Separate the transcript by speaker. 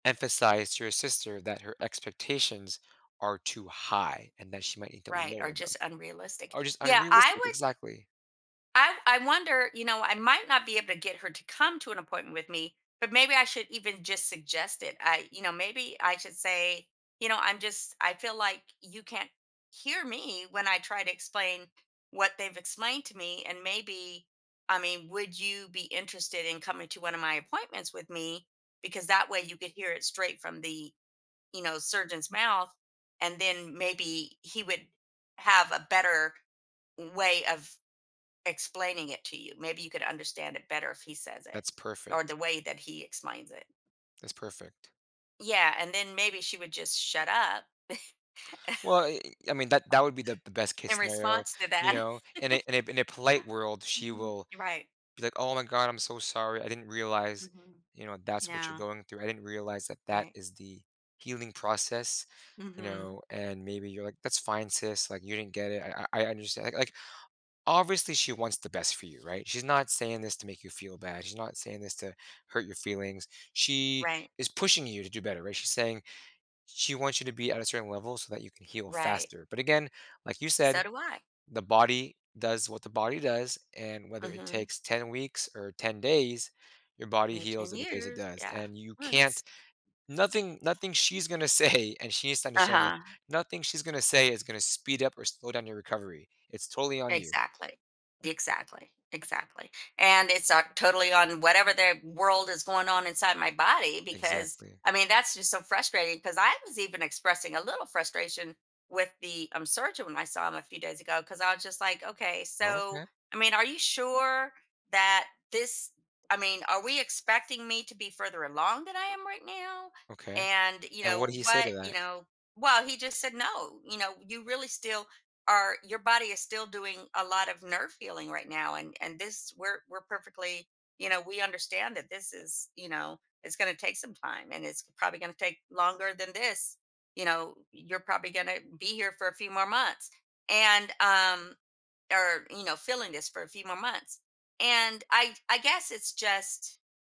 Speaker 1: Emphasize to your sister that her expectations are too high and that she might need to
Speaker 2: Right, or
Speaker 1: lower them.
Speaker 2: just unrealistic.
Speaker 1: Oh, just
Speaker 2: Yeah, I
Speaker 1: unrealistic
Speaker 2: w
Speaker 1: exactly.
Speaker 2: I I wonder, you know, I might not be able to get her to come to an appointment with me, but maybe I should even just suggest it. I you know, maybe I should say, you know I'm just I feel like you can't hear me when I try to explain what they've explained to me, and maybe, I mean, would you be interested in coming to one of my appointments with me? Because that way you could hear it straight from the, you know, surgeon's mouth and then maybe he would have a better way of explaining it to you. Maybe you could understand it better if he says it,
Speaker 1: That's
Speaker 2: or
Speaker 1: perfect.
Speaker 2: the way that he explains it.
Speaker 1: That's perfect.
Speaker 2: Yeah, and then maybe she would just shut up
Speaker 1: Well, eh, I mean, that that would be the the best case
Speaker 2: in
Speaker 1: scenario,
Speaker 2: response to
Speaker 1: you
Speaker 2: that.
Speaker 1: know? In a in a in a polite world, she will
Speaker 2: You're right.
Speaker 1: be, like, "Oh my god. I'm so sorry. I didn't realize,"
Speaker 2: Mhm,
Speaker 1: you know," that's what you're
Speaker 2: yeah.
Speaker 1: going through. I didn't realize that that
Speaker 2: Right.
Speaker 1: is the healing process." You
Speaker 2: Mhm.
Speaker 1: know? And maybe you're like, "that's fine, sis. Like, you didn't get it. I I I understand." Like like, obviously she wants the best for you, right? She's not saying this to make you feel bad. She's not saying this to hurt your feelings. She
Speaker 2: Right.
Speaker 1: is pushing you to do better, right? She's saying she wants you to be at a certain level so that you can heal
Speaker 2: Right.
Speaker 1: faster. But, again, like you said,
Speaker 2: So do I.
Speaker 1: the body does what the body does. And whether it
Speaker 2: Mhm.
Speaker 1: takes 10 weeks or 10 days, your body
Speaker 2: Eh,
Speaker 1: heals
Speaker 2: 10
Speaker 1: in the pace it
Speaker 2: years.
Speaker 1: does.
Speaker 2: Yeah.
Speaker 1: And you can't
Speaker 2: Once.
Speaker 1: nothing nothing she's gonna say, and she needs to understand that
Speaker 2: Uh-huh.
Speaker 1: nothing she's gonna say is gonna speed up or slow down your recovery. It's totally on you.
Speaker 2: Exactly, exactly, exactly. And it's, uh, totally on whatever the world is going on inside my body because
Speaker 1: Exactly.
Speaker 2: I mean, that's just so frustrating, 'cause I was even expressing a little frustration with the, um, surgeon when I saw him a few days ago 'cause I was just like, "Okay,
Speaker 1: Oh, okay.
Speaker 2: so, I mean, are you sure that this I mean, are we expecting me to be further along than I am right now?"
Speaker 1: Okay.
Speaker 2: And you
Speaker 1: And what did
Speaker 2: know,
Speaker 1: he say to
Speaker 2: what, you
Speaker 1: that?
Speaker 2: know, well, he just said, "No, you know, you really still or your body is still doing a lot of nerve healing right now and and this we're we're perfectly, you know, we understand that this is, you know, it's gonna take some time and it's probably going to take longer than this, you know, y you're probably gonna be here for a few more months and um or you know feeling this for a few more months," and I I guess it's just